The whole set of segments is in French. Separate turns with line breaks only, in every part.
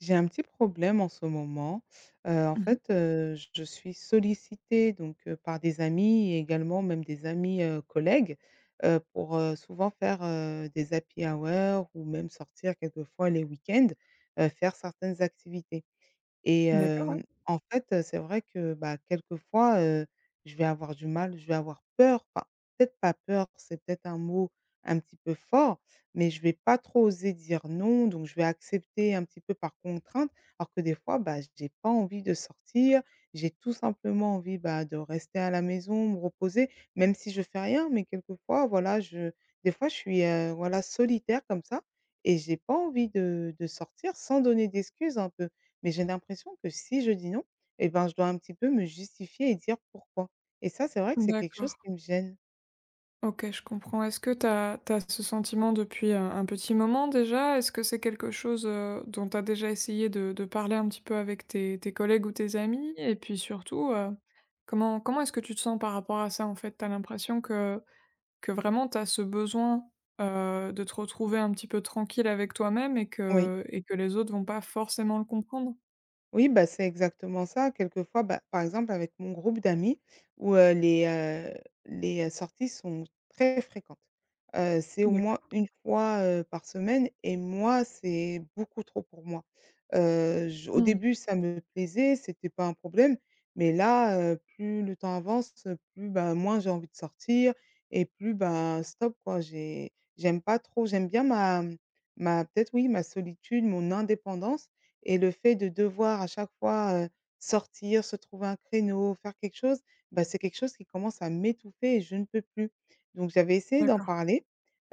J'ai un petit problème en ce moment, heu, en
Mmh mh.
fait, heu, je suis sollicitée donc, heu, par des amis et également même des amis, heu, collègues, heu, pour heu, souvent faire, heu, des happy hours ou même sortir quelquefois les week-ends, heu, faire certaines activités et
D'accord, ouais.
hem, en fait, heu, c'est vrai que, bah, quelquefois, heu, je vais avoir du mal ou je vais avoir peur, enfin, peut-être pas peur, c'est peut-être un mot un petit peu fort, mais je vais pas trop oser dire non donc je vais accepter un petit peu par contrainte. Alors que des fois, bah, j'ai pas envie de sortir, j'ai tout simplement envie, bah, de rester à la maison, me reposer même si je fais rien, mais quelquefois voilà, je des fois je suis, heu, voilà solitaire comme ça et j'ai pas envie de de sortir sans donner d'excuses un peu, mais j'ai l'impression que si je dis non, eh ben, je dois un petit peu me justifier et dire pourquoi et ça, c'est vrai que c'est quelque
D'accord.
chose qui me gêne.
OK, je comprends, est-ce que tu as tu as ce sentiment, depuis, heu, un petit moment déjà? Est-ce que c'est quelque chose, heu, dont tu as déjà essayé de de parler un petit peu avec tes tes collègues ou tes amis? Et puis surtout, heu, comment comment est-ce que tu te sens par rapport à ça, en fait? Tu as l'impression que que vraiment, tu as ce besoin, heu, de te retrouver un petit peu tranquille avec toi-même et
Oui.
que et que les autres vont pas forcément le comprendre?
Oui, bah, c'est exactement ça quelquefois, ben, par exemple, avec mon groupe d'amis où, heu, les heu, les sorties sont très fréquentes. Heu, c'est au moins
D'accord.
une fois, heu, par semaine et moi, c'est beaucoup trop pour moi. Heu, je au
Mmh.
début, ça me plaisait, c'était pas un problème, mais là, heu, plus le temps avance, plus, ben, moins j'ai envie de sortir et plus ben, stop quoi. J'ai j'aime pas trop, j'aime bien ma ma peut-être, oui, ma solitude, mon indépendance et le fait de devoir à chaque fois, heu, sortir, se trouver un créneau, faire quelque chose, bah, c'est quelque chose qui commence à m'étouffer et je ne peux plus. Donc j'avais essayé d'en
D'accord.
parler,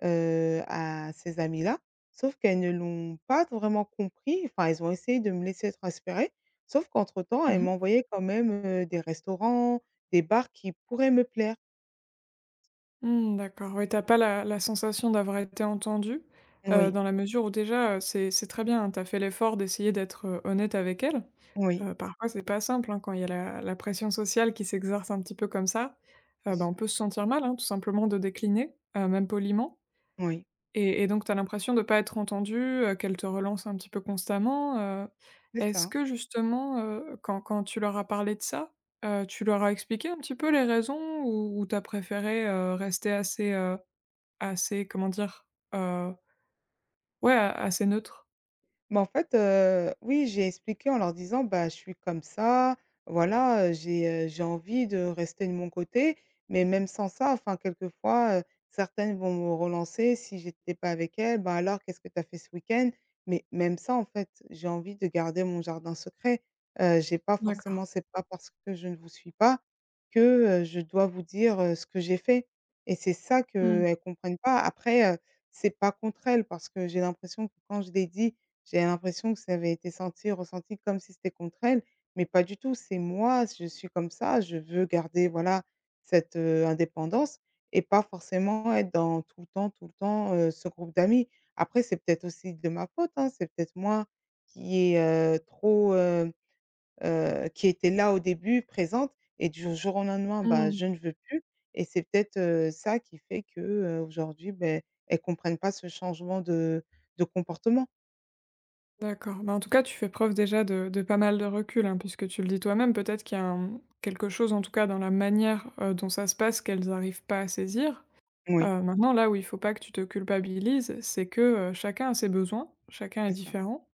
heu, à ces amis-là, sauf qu'elles ne l'ont pas vraiment compris, enfin, elles ont essayé de me laisser prospérer, sauf qu'entre-temps elles
Mmh mh.
m'envoyaient quand même, heu, des restaurants, des bars qui pourraient me plaire.
Mmh, d'accord, oui, tu as pas la la sensation d'avoir été entendue. Heu,
Oui.
dans la mesure où, déjà, heu, c'est c'est très bien. Tu as fait l'effort d'essayer d'être, heu, honnête avec elles.
Oui.
Heu, parfois, c'est pas simple, hein, quand il y a la la pression sociale qui s'exerce un petit peu comme ça.
Bien
Ah bah, on
sûr.
peut se sentir mal, hein, tout simplement de décliner, heu, même poliment
Oui.
et et donc tu as l'impression de pas être entendue, heu, qu'elles te relancent un petit peu constamment. Heu,
C'est
est-ce
ça.
que justement, heu, quand quand tu leur as parlé de ça, heu, tu leur as expliqué un petit peu les raisons où tu as préféré, heu, rester assez, heu, assez comment dire? Heu ouais, a assez neutre.
Mais en fait, heu, oui. J'ai expliqué en leur disant: «Bah, je suis comme ça, voilà, heu, j'ai, heu, j'ai envie de rester de mon côté» mais même sans ça enfin quelquefois, heu, certaines vont me relancer si j'étais pas avec elle: «Ben, alors qu'est-ce que tu as fait ce week-end?» mais même ça en fait j'ai envie de garder mon jardin secret, heu, j'ai pas
D'accord.
forcément c'est pas parce que je ne vous suis pas que, heu, je dois vous dire, heu, ce que j'ai fait et c'est ça
Mmh.
qu'elles comprennent pas après, heu, c'est pas contre elles parce que j'ai l'impression que quand je l'ai dit, j'avais l'impression que ça avait été senti et ressenti comme si c'était contre elles mais pas du tout. C'est moi s je suis comme ça. Je veux garder voilà cette, heu, indépendance et pas forcément être dans tout le temps tout le temps, heu, ce groupe d'amis. Après c'est peut-être aussi de ma faute, hein, c'est peut-être moi qui est, heu, trop, hem, heu, qui était là au début, présente et du jour au lendemain, bah,
Mmh.
je ne veux plus et c'est peut-être, heu, ça qui fait que, heu, aujourd'hui, beh, elles comprennent pas ce changement de de comportement.
D'accord, bah, en tout cas tu fais preuve déjà de de pas mal de recul, hein, puisque tu le dis toi-même, peut-être qu'il y a un, mmh quelque chose en tout cas dans la manière, heu, dont ça se passe qu'elles arrivent pas à saisir,
Moui.
heu, maintenant là où il faut pas que tu te culpabilises, c'est que, heu, chacun a ses besoins, chacun est
C'est ça.
différent.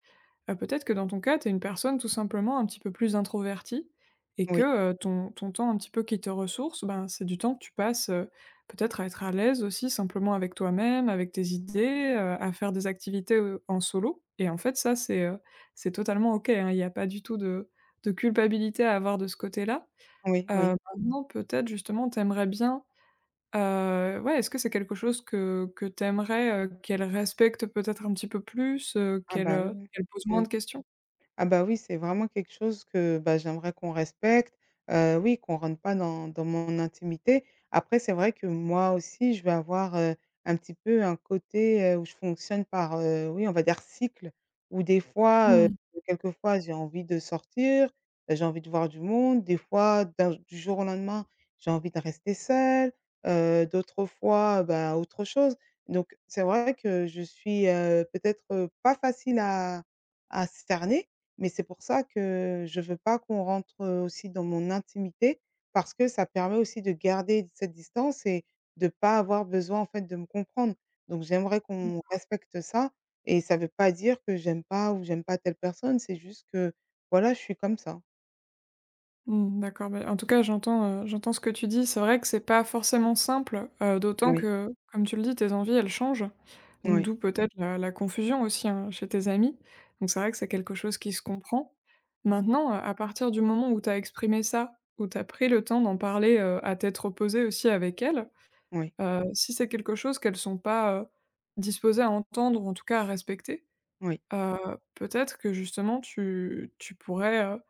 Bah peut-être que dans ton cas, tu es une personne tout simplement un petit peu plus introvertie et que,
Oui.
heu, ton ton temps un petit peu qui te ressource, ben, c'est du temps que tu passes, heu, peut-être à être à l'aise aussi simplement avec toi-même, avec tes idées, heu, à faire des activités, heu, en solo et en fait ça, c'est, heu, c'est totalement OK, hein, il y a pas du tout de de culpabilité à avoir de ce côté-là,
Oui,
heu,
oui.
maintenant peut-être justement tu aimerais bien, heu, ouais, est-ce que c'est quelque chose que que tu aimerais, heu, qu'elles respectent peut-être un petit peu plus, heu,
Ah,
qu'elles,
bah, oui,
heu,
ouais.
qu'elles posent moins de
Ouais.
questions?
Ah, bah, oui c'est vraiment quelque chose que, bah, j'aimerais qu'on respecte, heu, oui, qu'on rentre pas dans dans mon intimité. Après c'est vrai que moi aussi je vais avoir, heu, un petit peu un côté, heu, où je fonctionne par, heu, oui, on va dire cycle, où des fois, heu,
Mmh.
quelquefois j'ai envie de sortir bah j'ai envie de voir du monde. Des fois d'un j du jour au lendemain j'ai envie de rester seule, heu, d'autres fois, heu, bah, autre chose. Donc c'est vrai que je suis, heu, peut-être, heu, pas facile à à cerner, mais c'est pour ça que je veux pas qu'on rentre, heu, aussi dans mon intimité parce que ça permet aussi de garder cette distance et de pas avoir besoin en fait de me comprendre. Donc j'aimerais qu'on
D'accord.
respecte ça et ça veut pas dire que j'aime pas ou j'aime pas telle personne, c'est juste que, voilà, je suis comme ça.
Mmh, d'accord, bah, en tout cas, j'entends, heu, j'entends ce que tu dis. C'est vrai que c'est pas forcément simple, heu, d'autant
Oui.
que, comme tu le dis, tes envies, elles changent.
Moui.
D'où peut-être la la confusion aussi, hein, chez tes amis. Donc c'est vrai que c'est quelque chose qui se comprend. Maintenant, heu, à partir du moment où tu as exprimé ça, où tu as pris le temps d'en parler, heu, à tête reposée aussi avec elles,
Oui.
heu, si c'est quelque chose qu'elles sont pas, heu, disposées à entendre ou en tout cas à respecter,
Oui.
heu, peut-être que justement tu tu pourrais, heu,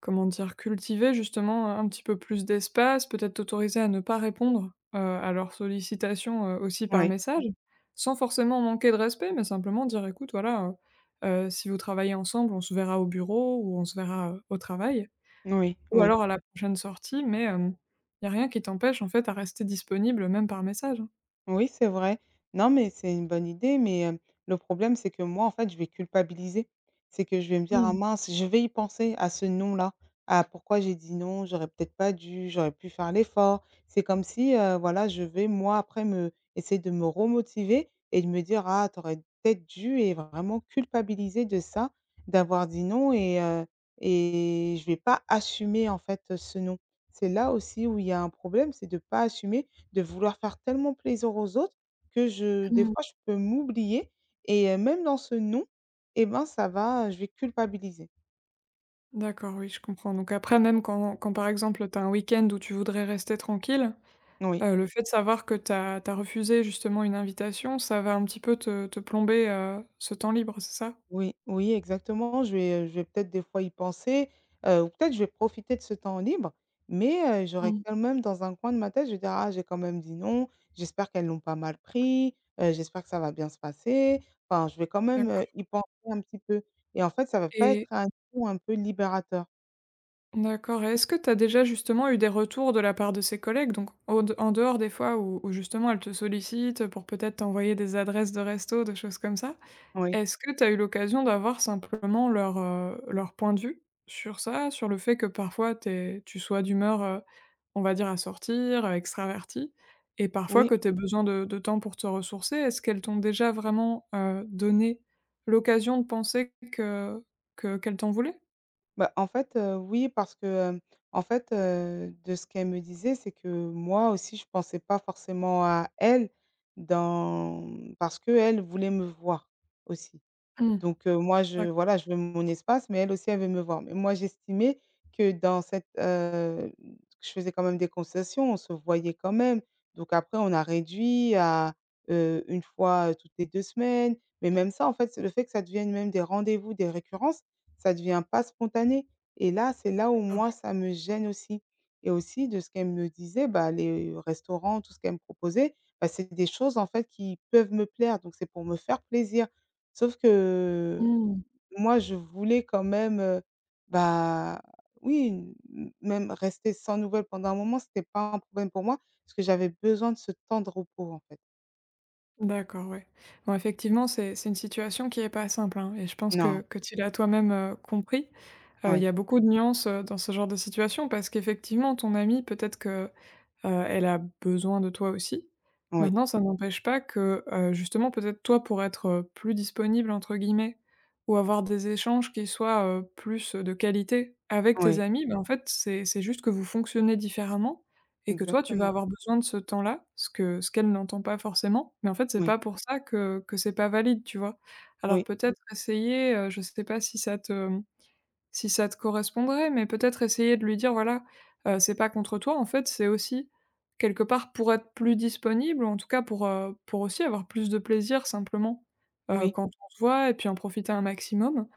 comment dire? Cultiver justement un un petit peu plus d'espace, peut-être t'autoriser à ne pas répondre, heu, à leurs sollicitations, heu, aussi par
Oui.
message. Sans forcément manquer de respect, mais simplement dire: «Écoute, voilà, heu heu», si vous travaillez ensemble: «On se verra au bureau ou on se verra au travail
Oui,
ou
oui.
alors à la prochaine sortie», mais, hem, il y a rien qui t'empêche, en fait, à rester disponible même par message, hein.
Oui, c'est vrai. Non mais c'est une bonne idée, mais, hem, le problème c'est que moi, en fait, je vais culpabiliser. C'est que je vais me
Mmh
dire: «Ah
mh.
mince!», je vais y penser à ce non-là, à pourquoi j'ai dit: «Non», j'aurais peut-être pas dû, j'aurais pu faire l'effort, c'est comme si, heu, voilà, je vais, moi, après me essayer de me remotiver et de me dire: «Ah, tu aurais peut-être dû» et vraiment culpabiliser de ça, d'avoir dit: «Non» et heu et je vais pas assumer, en fait, heu, ce non. C'est là, aussi où il y a un problème, c'est de pas assumer, de vouloir faire tellement plaisir aux autres que je des
Mmh mh.
fois, je peux m'oublier et hem, même dans ce non, eh ben, ça va, heu, je vais culpabiliser.
D'accord, oui, je comprends. Donc après, même quand quand par exemple, tu as un week-end où tu voudrais rester tranquille,
N oui.
heu, le fait de savoir que tu as tu as refusé justement une invitation, ça va un petit peu te te plomber, heu, ce temps libre, c'est ça?
Oui, oui, exactement, je vais, heu, je vais peut-être des fois y penser, heu, ou peut-être je vais profiter de ce temps libre mais, heu, j'aurais
Mmh.
quand même dans un coin de ma tête, je vais dire: «Ah, j'ai quand même dit non, j'espère qu'elles l'ont pas mal pris. Heu, j'espère que ça va bien se passer». Enfin, je vais quand même,
D'accord.
heu, y penser un petit peu et en fait, ça va pas
Et.
être un coup un peu libérateur.
D'accord, est-ce que tu as déjà, justement, eu des retours de la part de ces collègues, donc au d en dehors des fois où où justement, elles te sollicitent, heu, pour peut-être t'envoyer des adresses de resto, des choses comme ça.
Oui.
Est-ce que tu as eu l'occasion d'avoir simplement leur, heu, leur point de vue sur ça? Sur le fait que parfois tu es tu sois d'humeur, heu, on va dire à sortir, heu, extravertie et parfois
Oui.
que tu aies besoin de de temps pour te ressourcer. Est-ce qu'elles t'ont déjà vraiment, heu, donné l'occasion de penser que que qu'elles t'en voulaient?
Bah, en fait, heu, oui parce que, hem, en fait, heu, de ce qu'elles me disaient, c'est que, moi aussi, je pensais pas forcément à elles dans mmh, parce qu'elles voulaient me voir aussi.
Mmh
Donc heu, moi, je
d'accord.
voilà, je veux mon espace mais elles aussi, elles veulent me voir. Mais moi, j'estimais que, dans cette, heu, mmh, que je faisais quand même des concessions. On se voyait quand même. Donc après, on a réduit à, heu, 1 fois, heu, toutes les 2 semaines, mais même ça, en fait, c'est le fait que ça devienne même des rendez-vous, des récurrences, ça devient pas spontané et là, c'est là où
D'accord,
moi
ouais.
ça me gêne aussi et aussi de ce qu'elles me disaient, bah, les restaurants, tout ce qu'elles me proposaient, bah, c'est des choses, en fait, qui peuvent me plaire donc c'est pour me faire plaisir. Sauf que
Mmh.
moi, je voulais quand même, heu, bah, oui, m même rester sans nouvelles pendant un moment, c'était pas un problème pour moi parce que j'avais besoin de ce temps de repos, en fait.
D'accord, ouais. Bon, effectivement, c'est c'est une situation qui est pas simple, hein et je pense que
Non.
que tu l'as toi-même, heu, compris. Heu, il y
Oui.
a beaucoup de nuances, heu, dans ce genre de situation parce qu'effectivement, ton amie peut-être que, heu, elle a besoin de toi aussi.
Oui.
Maintenant, ça n'empêche pas que, heu, justement, peut-être toi, pour être, heu, plus disponible, entre guillemets, ou avoir des échanges qui soient, heu, plus, heu, de qualité avec tes
Oui.
amis. Ben, en fait, c'est c'est juste que vous fonctionnez différemment et que toi, tu vas
Exactement.
avoir besoin de ce temps-là, ce que ce qu'elle n'entend pas forcément. Mais en fait, c'est
Oui.
pas pour ça que que c'est pas valide, tu vois? Alors,
Oui.
peut-être essayer, heu, je sais pas si ça te, mmh, si ça te correspondrait, mais peut-être essayer de lui dire: «Voilà, heu, c'est pas contre toi. En fait, c'est aussi quelque part pour être plus disponible, en tout cas pour, heu, pour aussi avoir plus de plaisir simplement, heu,
Oui.
quand on se voit et puis en profiter un maximum.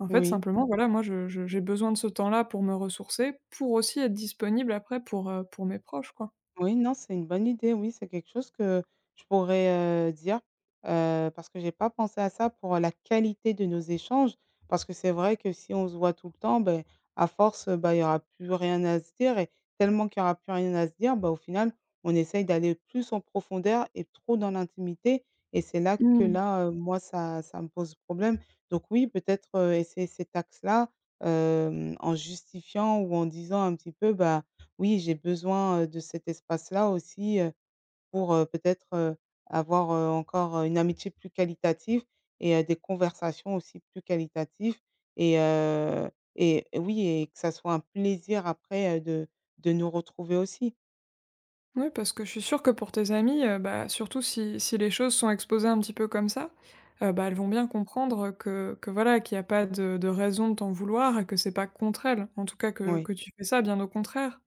En fait,
Oui.
simplement voilà, moi, je je j'ai besoin de ce temps-là pour me ressourcer, pour aussi être disponible après pour, heu, pour mes proches, quoi.
Oui, non, c'est une bonne idée. Oui, c'est quelque chose que je pourrais, heu, dire, heu, parce que j'ai pas pensé à ça pour la qualité de nos échanges. Parce que c'est vrai que si on se voit tout le temps, beh, à force, heu, bah, il y aura plus rien à se dire et tellement qu'il y aura plus rien à se dire, bah, au final, on essaye d'aller plus en profondeur et trop dans l'intimité et c'est là que
Mmh.
là, heu, moi, ça ça me pose problème. Donc oui, peut-être, heu, essayer cet axe-là, hem, en justifiant ou en disant un petit peu: «Bah, oui, j'ai besoin, heu, de cet espace-là aussi, heu, pour, heu, peut-être, heu, avoir, heu, encore une amitié plus qualitative et heu, des conversations aussi plus qualitatives et heu, et oui et que ça soit un plaisir après, heu, de de nous retrouver aussi».
Mouais, parce que je suis sûre que pour tes amies, heu, bah, surtout si si les choses sont exposées un petit peu comme ça, heu, bah, elles vont bien comprendre, heu, que que, voilà, qu'il y a pas de de raison de t'en vouloir et que c'est pas contre elles. En tout cas, que
Oui.
que tu fais ça, bien au contraire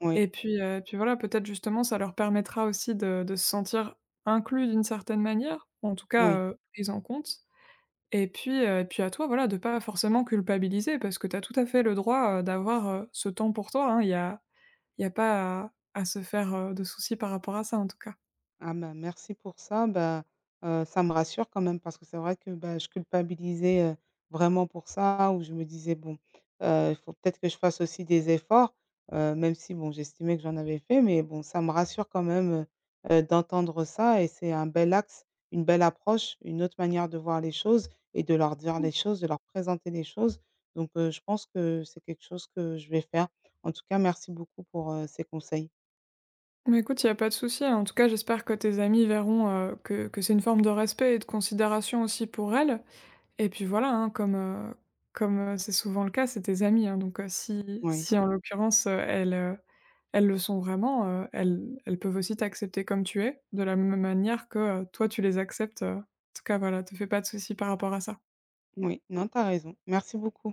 Oui.
et puis heu, et puis voilà, peut-être justement, ça leur permettra aussi de de se sentir inclus d'une certaine manière, ou en tout cas,
Oui.
heu, prises en comptent. Et puis, heu, et puis à toi, voilà, de pas forcément culpabiliser, parce que tu as tout à fait le droit, heu, d'avoir, heu, ce temps pour toi, hein. Il y a il y a pas à à se faire, heu, de soucis par rapport à ça, en tout cas.
Ah, m merci pour ça, ben, heu, ça me rassure quand même parce que c'est vrai que, bah, je culpabilisais, heu, vraiment pour ça. Où je me disais: «Bon, heu, il faut peut-être que je fasse aussi des efforts», heu, même si bon, j'estimais que j'en avais fait. Mais bon ça me rassure quand même, heu heu, d'entendre ça et c'est un bel axe, une belle approche, une autre manière de voir les choses et de leur dire
Mmh.
les choses, de leur présenter les choses. Donc, heu, je pense que c'est quelque chose que je vais faire. En tout cas merci beaucoup pour, heu, ces conseils.
Mais écoute, il y a pas de souci, hein. En tout cas, j'espère que tes amies verront, heu, que que c'est une forme de respect et de considération aussi pour elles. Et puis voilà, hein, comme, heu comme, heu, c'est souvent le cas, c'est tes amies, hein. Donc heu, si
Oui.
si en l'occurrence, heu, elles, heu, elles le sont vraiment, heu, elles elles peuvent aussi t'accepter comme tu es, de la même manière que, heu, toi, tu les acceptes, heu en tout cas voilà, te fais pas de souci par rapport à ça.
Moui, non, tu as raison. Merci beaucoup.